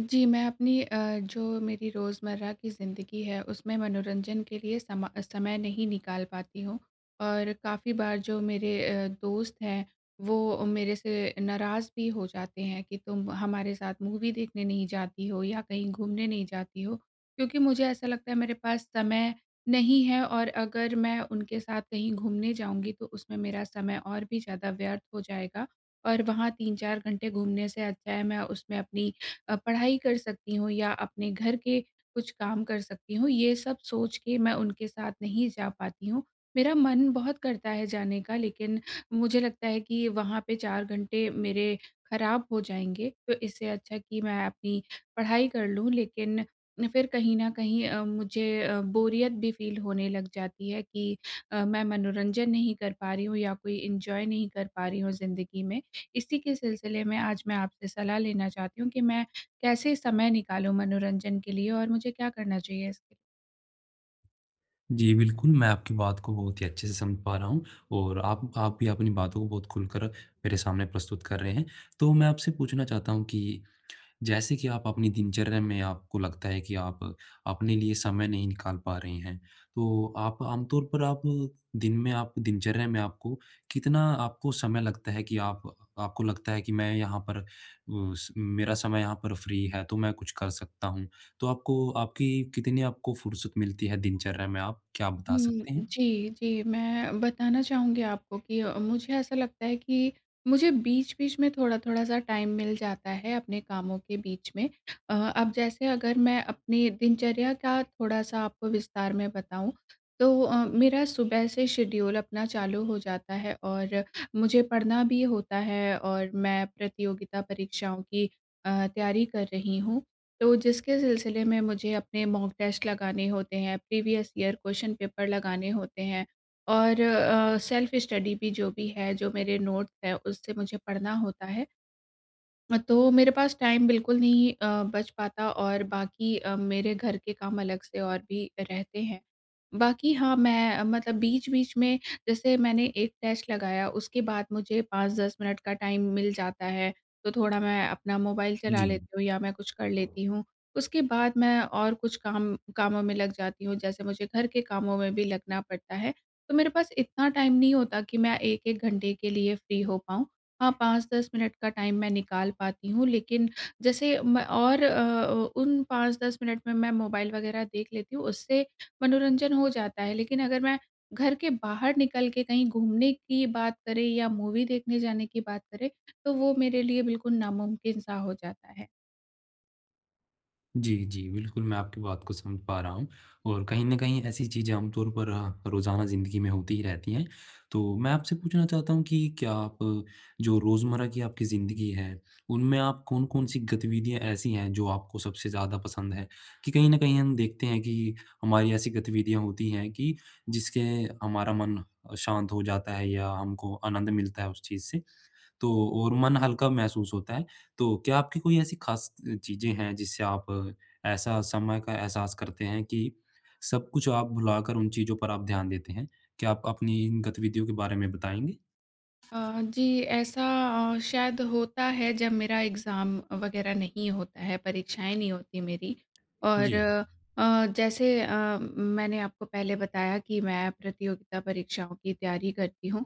जी, मैं अपनी अ, जो मेरी रोज़मर्रा की ज़िंदगी है उसमें मनोरंजन के लिए समा समय नहीं निकाल पाती हूँ। और काफ़ी बार जो मेरे अ, दोस्त हैं, वो मेरे से नाराज़ भी हो जाते हैं की तुम हमारे साथ मूवी देखने नहीं जाती हो या कहीं घूमने नहीं जाती हो, क्योंकि मुझे ऐसा लगता है मेरे पास समय नहीं है और अगर मैं उनके साथ कहीं घूमने जाऊँगी तो उसमें मेरा समय और भी ज़्यादा व्यर्थ हो जाएगा। और वहाँ 3-4 घंटे घूमने से अच्छा है मैं उसमें अपनी अ, पढ़ाई कर सकती हूँ या अपने घर के कुछ काम कर सकती हूँ, ये सब सोच के मैं उनके साथ नहीं जा पाती हूँ। मेरा मन बहुत करता है जाने का लेकिन मुझे लगता है कि वहाँ पे 4 घंटे मेरे खराब हो जाएँगे, तो इससे अच्छा कि मैं अपनी पढ़ाई कर लूँ लेकिन फिर कहीं न कहीं अम, मुझे अ, बोरियत भी फ़ील होने लग जाती है की अ, मैं मनोरंजन नहीं कर पा रही हूँ या कोई एन्जॉय नहीं कर पा रही हूँ ज़िंदगी में। इसी के सिलसिले में आज मैं आपसे सलाह लेना चाहती हूँ कि मैं, कैसे समय निकालूँ मनोरंजन के लिए और मुझे क्या करना चाहिए इसके जी, बिल्कुल, मैं आपकी बात को बहुत ही अच्छे से समझ पा रहा हूँ, और आप आप भी अपनी बातों को बहुत खुलकर मेरे सामने प्रस्तुत कर रहे हैं। तो मैं आपसे पूछना चाहता हूँ कि, जैसे कि आप अपनी दिनचर्या में आपको लगता है कि आप अपने लिए समय नहीं निकाल पा रही हैं, तो आप आमतौर पर आप, दिन में आप, दिनचर्या में आपको कितना आपको समय लगता है कि आप आपको लगता है कि मैं यहाँ पर उस मेरा समय यहाँ पर फ़्री है तो मैं कुछ कर सकता हूँ? तो आपको आपकी कितनी आपको फुर्सत मिलती है दिनचर्या में आप क्या आप बता हुँ। सकते हैं? जी, जी, मैं बताना चाहूँगी आपको कि अ, मुझे ऐसा लगता है कि मुझे बीच-बीच में थोड़ा-थोड़ा सा टाइम मिल जाता है अपने कामों के बीच में। अ, अब जैसे अगर मैं अपनी दिनचर्या का थोड़ा-सा आपको विस्तार में बताऊँ, तो अ, मेरा सुबह से शेड्यूल अपना चालू हो जाता है और मुझे पढ़ना भी होता है और मैं प्रतियोगिता परीक्षाओं की अ, तैयारी कर रही हूँ। तो जिसके सिलसिले में मुझे अपने मॉक टेस्ट लगाने होते हैं, प्रीवियस ईयर क्वेश्चन पेपर लगाने होते हैं और अ, सेल्फ़ स्टडी भी जो भी है, जो मेरे नोट्स है, उससे मुझे पढ़ना होता है। तो मेरे पास टाइम बिल्कुल नहीं अ, बच पाता और बाक़ी अ, मेरे घर के काम अलग से और भी रहते हैं। बाक़ी हाँ, मैं मतलब बीच-बीच में जैसे मैंने 1 टेस्ट लगाया उसके बाद मुझे 5-10 मिनट का टाइम मिल जाता है, तो थोड़ा मैं अपना मोबाइल चला जी। लेती हूँ या मैं कुछ कर लेती हूँ। उसके बाद मैं और कुछ काम कामों में लग जाती हूँ जैसे मुझे घर के कामों में भी लगना पड़ता है। तो मेरे पास इतना टाइम नहीं होता कि मैं 1-1 घंटे के लिए फ़्री हो पाऊँ, हाँ 5-10 मिनट का टाइम निकाल पाती हूँ, लेकिन जैसे मैं और अ, उन 5-10 मिनट में मैं मोबाइल वगैरह देख लेती हूँ उससे मनोरंजन हो जाता है लेकिन अगर मैं घर के बाहर निकल के कहीं घूमने की बात करे या मूवी देखने जाने की बात करे, तो वो मेरे लिए बिल्कुल नामुमकिन सा हो जाता है। जी, जी। बिल्कुल, मैं आपकी बात को समझ पा रहा हूँ। और कहीं न कहीं ऐसी चीज़ें आमतौर पर अ, रोज़ाना ज़िंदगी में होती ही रहती हैं। तो मैं आपसे पूछना चाहता हूँ कि क्या आप, जो रोज़मर्रा की आपकी ज़िंदगी है, उनमें आप कौन-कौन सी गतिविधियाँ ऐसी हैं जो आपको सबसे ज़्यादा पसंद है? कि कहीं न कहीं हम देखते हैं कि हमारी ऐसी गतिविधियाँ होती हैं कि जिसके हमारा मन शांत हो जाता है या हमको आनंद मिलता है उस चीज़ से, तो और मन हल्का महसूस होता है। तो क्या आपकी कोई ऐसी खास त अ, चीज़ें हैं जिससे आप ऐसा समय का एहसास करते हैं कि सब कुछ आप भुलाकर उन चीज़ों पर आप ध्यान देते हैं? क्या आप अपनी गतिविधियों के बारे में बताएँगे? अ, जी। ऐसा अ, शायद होता है जब मेरा एग्ज़ाम वग़ैरह नहीं होता है, परीक्षाएँ नहीं होती मेरी। और जी। अ, जैसे अ, म मैंने आपको पहले बताया कि मैं प्रतियोगिता परीक्षाओं की तैयारी करती हूँ।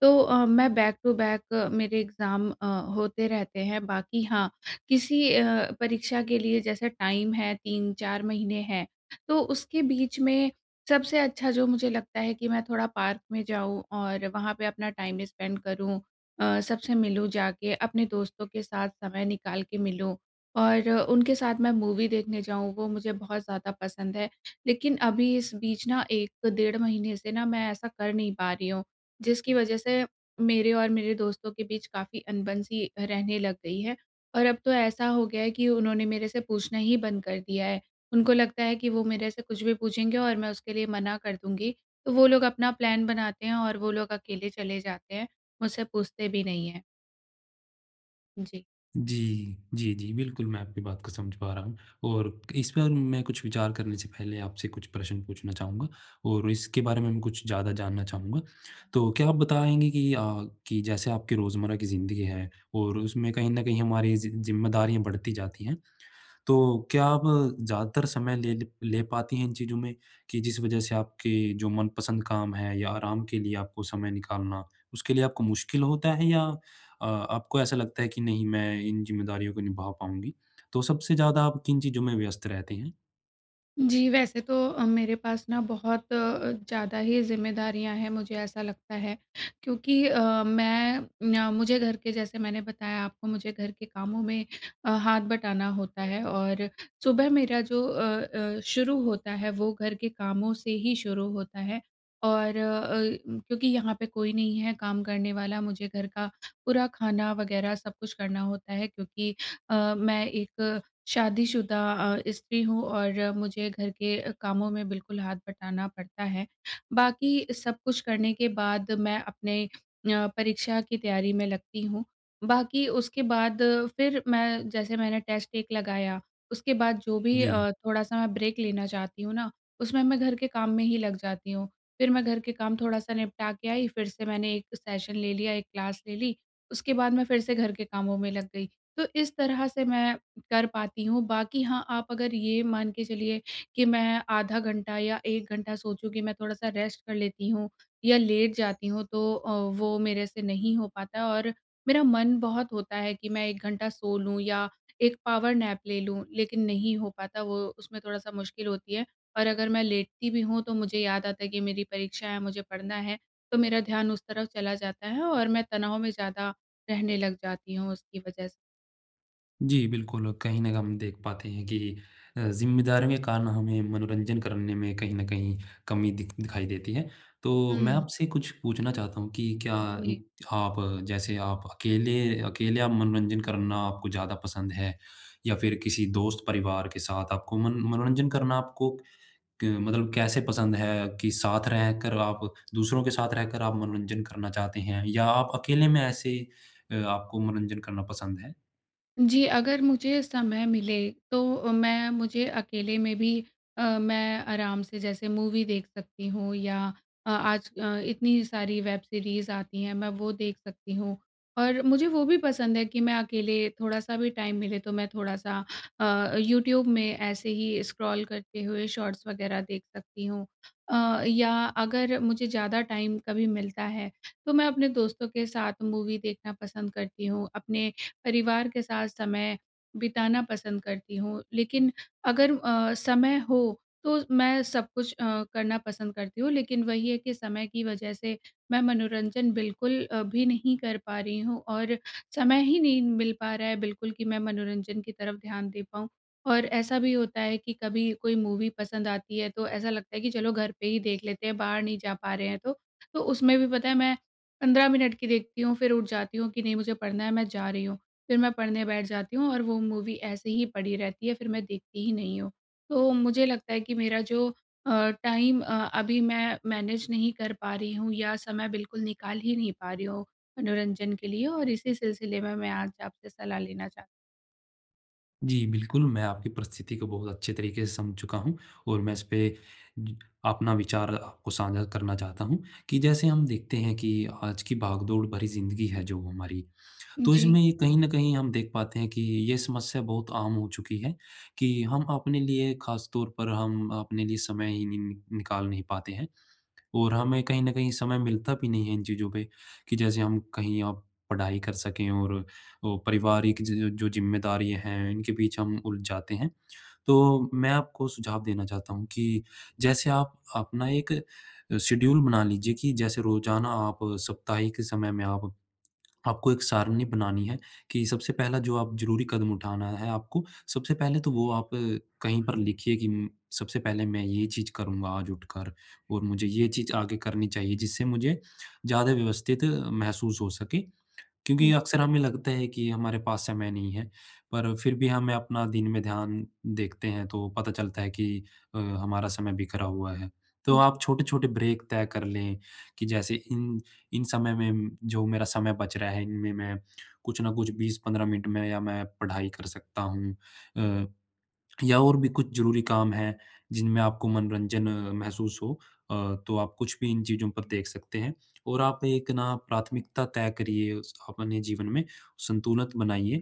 तो अ, मैं बैक टू बैक मेरे एग्ज़ाम अ, होते रहते हैं। बाकी हाँ किसी अ, परीक्षा के लिए जैसे टाइम है, 3-4 महीने हैं, तो उसके बीच में सबसे अच्छा जो मुझे लगता है कि मैं थोड़ा पार्क में जाऊँ और वहाँ पे अपना टाइम स्पेंड करूँ अ, सबसे मिलूँ, जाके अपने दोस्तों के साथ समय निकाल के मिलूँ और उनके साथ मैं मूवी देखने जाऊँ, वो मुझे बहुत ज़्यादा पसंद है। लेकिन अभी इस बीच ना 1 डेढ़ महीने से ना मैं ऐसा कर नहीं पा रही हूँ, जिसकी वज़ह से मेरे और मेरे दोस्तों के बीच काफ़ी अनबन-सी रहने लग गई है। और अब तो ऐसा हो गया है कि उन्होंने मेरे से पूछना ही बंद कर दिया है। उनको लगता है कि वो मेरे से कुछ भी पूछेंगे और मैं उसके लिए मना कर दूँगी। तो वो लोग अपना प्लान बनाते हैं और वो लोग अकेले चले जाते हैं, मुझसे पूछते भी नहीं हैं। जी। जी, जी, जी, बिल्कुल मैं आपकी बात को समझ पा रहा हूँ। और इस पर मैं कुछ विचार करने से पहले, आपसे कुछ प्रश्न पूछना चाहूँगा। और इसके बारे में कुछ ज़्यादा जानना चाहूँगा। तो क्या आप बताएँगे कि अ, कि जैसे आपकी रोज़मर्रा की ज़िंदगी है और उसमें कहीं न कहीं हमारी ज़ि ज़िम्मेदारियाँ बढ़ती जाती हैं। तो क्या आप ज़्यादातर समय ले ले ले पाती हैं इन चीज़ों में कि जिस वजह से आपके जो मनपसंद काम हैं, या आराम के लिए आपको समय निकालना, उसके लिए आपको मुश्किल होता है? या अ, आपको ऐसा लगता है कि नहीं मैं इन ज़िम्मेदारियों को निभा पाऊँगी? तो सबसे ज़्यादा आप किन चीज़ों में व्यस्त रहते हैं? जी, वैसे तो अ, मेरे पास ना बहुत अ, ज़्यादा ही ज़िम्मेदारियाँ हैं मुझे ऐसा लगता है। क्योंकि अ, मैं न मुझे घर के जैसे मैंने बताया आपको मुझे घर के कामों में अ, हाथ बटाना होता है और सुबह मेरा जो अ अ, शुरू होता है वो घर के कामों से ही शुरू होता है। और अ, क्योंकि यहाँ पे कोई नहीं है काम करने वाला। मुझे घर का पूरा खाना वग़ैरह सब कुछ करना होता है, क्योंकि अ, मैं एक शादीशुदा अ, स्त्री हूँ और मुझे घर के अ, कामों में बिल्कुल हाथ बटाना पड़ता है। बाकी सब कुछ करने के बाद मैं अपने अ, परीक्षा की तैयारी में लगती हूँ। बाकी उसके बाद फिर मैं, जैसे मैंने टेस्ट एक लगाया उसके बाद जो भी जी। अ, थोड़ा-सा मैं ब्रेक लेना चाहती हूँ ना, उसमें मैं घर के काम में ही लग जाती हूँ। फिर मैं घर के काम थोड़ा-सा निपटा के आई, फिर से मैंने एक सेशन ले लिया एक क्लास ले ली, उसके बाद मैं फिर से घर के कामों में लग गई। तो इस तरह से मैं कर पाती हूँ। बाकी हाँ, आप अगर ये मान के चलिए कि मैं आधा घंटा या 1 घंटा सोचूँ कि मैं थोड़ा-सा रेस्ट कर लेती हूँ या लेट जाती हूँ। तो अ, वो मेरे से नहीं हो पाता और मेरा मन बहुत होता है कि मैं 1 घंटा सो लूँ या एक पावर नैप ले लूँ। लेकिन नहीं हो पाता वो उसमें थोड़ा-सा मुश्किल होती है। और अगर मैं लेटती भी हूँ, तो मुझे याद आता है कि मेरी परीक्षा है, मुझे पढ़ना है। तो मेरा ध्यान उस तरफ चला जाता है और मैं तनाव में ज़्यादा रहने लग जाती हूँ उसकी वजह से। जी। बिल्कुल, कहीं न हम देख पाते हैं कि अ, ज़िम्मेदारियाँ कारण होंगी मनोरंजन करने में कहीं न कहीं कमी दिख दिखाई देती है। तो मैं हुँ। आपसे कुछ पूछना चाहता हूँ कि क्या उ, जी। आप जैसे आप अकेले अकेले आप मनोरंजन करना आपको ज़्यादा पसंद है? या फिर किसी दोस्त परिवार के साथ? आपको मन मनोरंजन करना आपको क मतलब कैसे पसंद है कि साथ रहकर आप दूसरों के साथ रहकर आप मनोरंजन करना चाहते हैं? या आप अकेले में ऐसे अ, आपको मनोरंजन करना पसंद है? जी, अगर मुझे समय मिले, तो अ, मैं मुझे अकेले में भी अ, मैं आराम से जैसे मूवी देख सकती हूँ या अ, आज अ, इतनी सारी वेब सीरीज़ आती हैं मैं वो देख सकती हूँ। और मुझे वो भी पसंद है कि मैं अकेले थोड़ा-सा भी टाइम मिले तो मैं थोड़ा-सा अ, यूट्यूब में ऐसे ही स्क्रॉल करते हुए शॉर्ट्स वग़ैरह देख सकती हूँ। अ, या अगर मुझे ज़्यादा टाइम कभी मिलता है, तो मैं अपने दोस्तों के साथ मूवी देखना पसंद करती हूँ, अपने परिवार के साथ समय बिताना पसंद करती हूँ। लेकिन अगर अ, समय हो तो मैं सब कुछ करना पसंद करती हूँ। लेकिन वही है कि समय की वजह से मैं मनोरंजन बिल्कुल अ, भी नहीं कर पा रही हूँ और समय ही नहीं मिल पा रहा है बिल्कुल कि मैं मनोरंजन की तरफ ध्यान दे पाऊँ। और ऐसा भी होता है कि कभी कोई मूवी पसंद आती है तो ऐसा लगता है कि चलो घर पे ही देख लेते हैं, बाहर नहीं जा पा रहे हैं तो, तो उसमें भी पता है मैं 15 मिनट की देखती हूँ, फिर उठ जाती हूँ कि नहीं मुझे पढ़ना है मैं जा रही हूँ। फिर मैं पढ़ने बैठ जाती हूँ और वो मूवी ऐसे ही पड़ी रहती है फिर मैं देखती ही नहीं हूँ। तो मुझे लगता है कि मेरा जो अ, टाइम अ, अभी मैं मैनेज नहीं कर पा रही हूँ या समय बिल्कुल निकाल ही नहीं पा रही हूँ, मनोरंजन के लिए और इसी सिलसिले में मैं आज आपसे सलाह लेना चाह जी बिल्कुल। मैं आपकी परिस्थिति को बहुत अच्छे तरीके से समझ चुका हूँ और मैं इसपे, अपना विचार आप को साझा करना चाहता हूँ। कि जैसे हम देखते हैं कि आज की भागदौड़ भरी ज़िंदगी है जो हमारी, तो जी। इसमें ये कहीं न कहीं हम देख पाते हैं कि ये समस्या बहुत आम हो चुकी है, कि हम अपने लिए खास तौर पर हम अपने लिए समय ही नि निकाल नहीं पाते हैं। और हमें कहीं न कहीं समय मिलता भी नहीं है इन चीज़ों पे, कि जैसे हम कहीं आप पढ़ाई कर सकें और अ, पारिवारिक ज जो ज़िम्मेदारियाँ हैं, इनके बीच हम उलझ जाते हैं। तो मैं आपको सुझाव देना चाहता हूँ कि, जैसे आप अपना एक शेड्यूल बना लीजिए कि जैसे रोज़ाना आप साप्ताहिक समय में आप आपको एक सारणी बनानी है, कि सबसे पहला जो आप ज़रूरी कदम उठाना है आपको, सबसे पहले तो वो आप कहीं पर लिखिए कि म सबसे पहले मैं ये चीज़ करूँगा आज उठकर और मुझे ये चीज़ आगे करनी चाहिए जिससे मुझे ज़्यादा व्यवस्थित महसूस हो सके। क्योंकि हुँ। अक्सर हमें लगता है कि हमारे पास समय नहीं है, पर फिर भी हमें अपना दिन में ध्यान देखते हैं, तो पता चलता है कि अ, हमारा समय बिखरा हुआ है। तो जी। आप छोटे-छोटे ब्रेक तय कर लें, कि जैसे इन इन, समय में जो मेरा समय बच रहा है, इनमें मैं कुछ ना कुछ 20-15 मिनट में या मैं पढ़ाई कर सकता हूँ। अ, या और भी कुछ ज़रूरी काम हैं, जिनमें आपको मनोरंजन महसूस हो अ, तो आप कुछ भी इन चीज़ों पर देख सकते हैं। और आप एक ना प्राथमिकता तय करिए उस अपने जीवन में संतुलन बनाइए।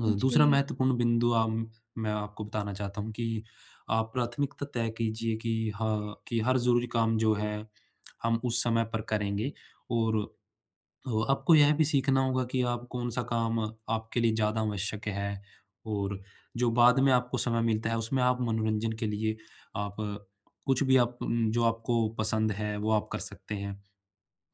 अ, दूसरा जी। महत्वपूर्ण बिंदु अम, मैं आपको बताना चाहता हूँ कि, आप प्राथमिकता तय कीजिए कि हाँ कि, हर ज़रूरी काम जो है, हम उस समय पर करेंगे और ओ आपको यह भी सीखना होगा कि आप कौन-सा काम, आपके लिए ज़्यादा आवश्यक है और जो बाद में आपको समय मिलता है, उसमें आप मनोरंजन के लिए आप, कुछ भी आप म जो आपको पसंद है, वो आप कर सकते हैं।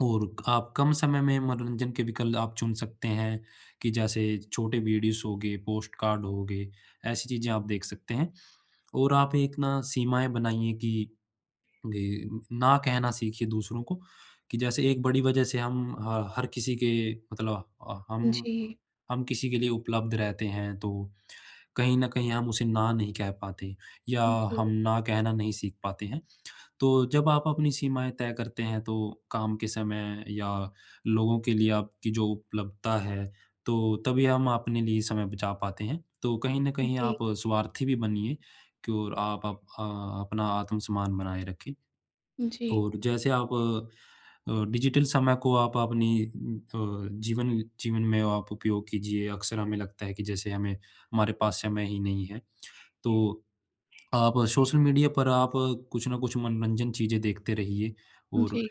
और आप कम समय में मनोरंजन के विकल्प आप चुन सकते हैं, कि जैसे छोटे वीडियोज़ होगए, पोस्ट कार्ड होगए, ऐसी चीज़ें आप देख सकते हैं। और आप एक ना सीमाएँ बनाइए कि, ग ना कहना सीखिए दूसरों को, कि जैसे एक बड़ी वजह से हम ह हर किसी के मतलब अ, हम जी। हम किसी के लिए उपलब्ध रहते हैं, तो कहीं न कहीं हम उसे ना नहीं कह पाते या हम जी। ना कहना नहीं सीख पाते हैं। तो जब आप अपनी सीमाएँ तय करते हैं तो, काम के समय या लोगों के लिए आपकी जो उपलब्धता है, तो तभी हम अपने लिए समय बचा पाते हैं। तो कहीं न कहीं आप जी। स्वार्थी भी बनिए क्योर आप अप अ, अपना आत्मसम्मान बनाए रखें। जी। और जैसे आप अ, डिजिटल समय को आप अपनी अ, जीवन जीवन में आप उपयोग कीजिए। अक्सर हमें लगता है कि जैसे हमें, हमारे पास समय ही नहीं है। तो आप सोशल मीडिया पर आप कुछ न कुछ मनोरंजन चीज़ें देखते रहिए और जी।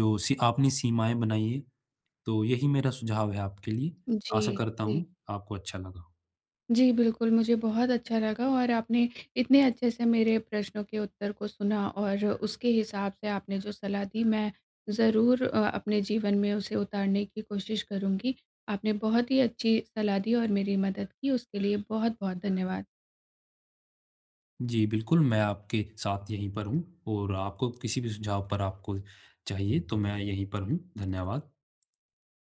जो सी आपनी सीमाएँ बनाइए। तो यही मेरा सुझाव है आपके लिए। आशा जी, करता जी। हूँ आपको अच्छा लगा हो। जी बिल्कुल मुझे बहुत अच्छा लगा और आपने इतने अच्छे से मेरे प्रश्नों के उत्तर को सुना और उसके हिसाब से आपने जो सलाह दी, मैं ज़रूर अ, अपने जीवन में उसे उतारने की कोशिश करूँगी। आपने बहुत ही अच्छी सलाह दी। और मेरी मदद की, उसके लिए बहुत-बहुत धन्यवाद। जी बिल्कुल मैं आपके साथ यहीं पर हूँ और आपको किसी भी सुझाव पर आपको चाहिए, तो मैं यहीं पर हूँ। धन्यवाद।